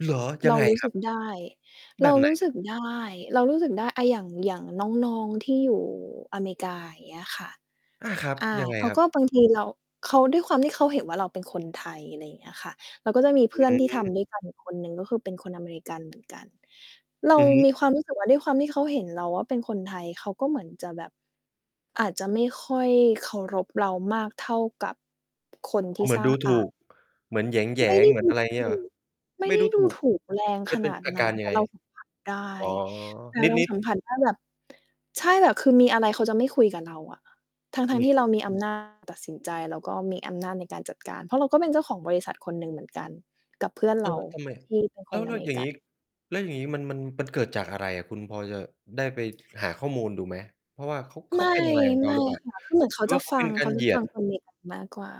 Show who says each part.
Speaker 1: เหรอ ย
Speaker 2: เ
Speaker 1: ั
Speaker 2: ร
Speaker 1: ง
Speaker 2: า
Speaker 1: ไง
Speaker 2: รู้
Speaker 1: ค
Speaker 2: ส
Speaker 1: รั
Speaker 2: ึ
Speaker 1: บ?
Speaker 2: กได้
Speaker 1: แ
Speaker 2: เ
Speaker 1: บ
Speaker 2: รา
Speaker 1: บไห
Speaker 2: ร
Speaker 1: น?
Speaker 2: ู้สึกได้ เรารู้สึกได้ อา อย่าง อย่างน้อง ๆ ที่อยู่อเมริกา อย่างเงี้ยค่ะ
Speaker 1: อา ครับ
Speaker 2: อ่า
Speaker 1: ยังไง
Speaker 2: เขา
Speaker 1: ครั
Speaker 2: ก
Speaker 1: บ?
Speaker 2: ็ บางทีเรา เขา ด้วยความที่เขาเห็นว่าเราเป็นคนไทย อะไรอย่างเงี้ยค่ะ เราก็จะมีเ
Speaker 1: อ
Speaker 2: พื่อ
Speaker 1: ื
Speaker 2: นที่ทำ
Speaker 1: อ
Speaker 2: ด้วยกันอีกคนหนึ่ง ก็คือเป็นคนอเมริกันเหมือนกัน เรา
Speaker 1: อือฮึ
Speaker 2: มีความรู้สึกว่า ด้วยความที่เขาเห็นเราว่าเป็นคนไทย เขาก็เหมือนจะแบบ อาจจะไม่ค่อยเคารพเรามากเท่ากับ คนท
Speaker 1: อ๋
Speaker 2: ี
Speaker 1: อ
Speaker 2: ่
Speaker 1: เหมื
Speaker 2: ส
Speaker 1: อ
Speaker 2: ร
Speaker 1: น
Speaker 2: ้า
Speaker 1: ดู
Speaker 2: ง
Speaker 1: ถ
Speaker 2: อ
Speaker 1: ู
Speaker 2: า
Speaker 1: ก เหมือนแหย
Speaker 2: ไม่ไ
Speaker 1: ง
Speaker 2: ด้
Speaker 1: ๆ เหมื
Speaker 2: ด
Speaker 1: อน
Speaker 2: ู
Speaker 1: อะไรง
Speaker 2: ถ
Speaker 1: ี้เหร
Speaker 2: ู
Speaker 1: อ?
Speaker 2: ก ไม่
Speaker 1: ไม่
Speaker 2: ได้
Speaker 1: ดู
Speaker 2: ด
Speaker 1: ถ
Speaker 2: ู
Speaker 1: ูก
Speaker 2: ถูกแรง
Speaker 1: มั
Speaker 2: ข
Speaker 1: นเป
Speaker 2: น
Speaker 1: ็น
Speaker 2: าด
Speaker 1: อา
Speaker 2: น
Speaker 1: ก
Speaker 2: ั
Speaker 1: า
Speaker 2: ้น
Speaker 1: รย
Speaker 2: แ
Speaker 1: ั
Speaker 2: ต
Speaker 1: ง
Speaker 2: ่
Speaker 1: ไง?
Speaker 2: เรา สัมผัส ได้
Speaker 1: อ๋อ
Speaker 2: แต่
Speaker 1: น
Speaker 2: เรา
Speaker 1: ิด
Speaker 2: ส
Speaker 1: ๆ
Speaker 2: ัมผัสได้แบบ ใช่ แบบคือมีอะไรเขาจะไม่คุยกับเราอะ ทั้ง
Speaker 1: มี
Speaker 2: ๆ ท
Speaker 1: อ
Speaker 2: ี
Speaker 1: ี
Speaker 2: ่
Speaker 1: ก
Speaker 2: เ
Speaker 1: ไ
Speaker 2: ร
Speaker 1: หม?
Speaker 2: ามีอำ นาจ ตัดสินใจ แล้วก็มีอำนาจในการจัดการ เพราะเราก็เป็นเจ้าของบริษัทคนหนึ่งเหมือนกันกับ เพื่อนเ
Speaker 1: เอ
Speaker 2: รา
Speaker 1: อ ทำไม?
Speaker 2: ที่เป็น
Speaker 1: แ
Speaker 2: ค
Speaker 1: ล้
Speaker 2: น
Speaker 1: ว แ
Speaker 2: อ
Speaker 1: ล้
Speaker 2: เ
Speaker 1: ว
Speaker 2: มร
Speaker 1: อ
Speaker 2: ิ
Speaker 1: ย่าง
Speaker 2: กั
Speaker 1: งี
Speaker 2: น
Speaker 1: ้ แล้วอย่างงี้มัน มัน มันเกิดจากอะไรอะคุณ พอจะได้ไปหาข้อมูลดูไหม? เพราะว่าเขา เข
Speaker 2: ไม
Speaker 1: า
Speaker 2: ่
Speaker 1: เป็นอะไรกับเร
Speaker 2: ไ
Speaker 1: า
Speaker 2: ม่
Speaker 1: หรือเปล่า
Speaker 2: ค่ะ คือเหมือน เข
Speaker 1: หร
Speaker 2: า
Speaker 1: ือ
Speaker 2: จ
Speaker 1: ว
Speaker 2: ะ
Speaker 1: ่าเข
Speaker 2: ฟ
Speaker 1: า
Speaker 2: ั
Speaker 1: เป็
Speaker 2: ง
Speaker 1: นก
Speaker 2: เ
Speaker 1: า
Speaker 2: ข
Speaker 1: ร
Speaker 2: าจ
Speaker 1: เห
Speaker 2: ะ
Speaker 1: ยี
Speaker 2: ฟ
Speaker 1: ย
Speaker 2: ั
Speaker 1: ด?
Speaker 2: ง คนอเมริกัน มากกว่า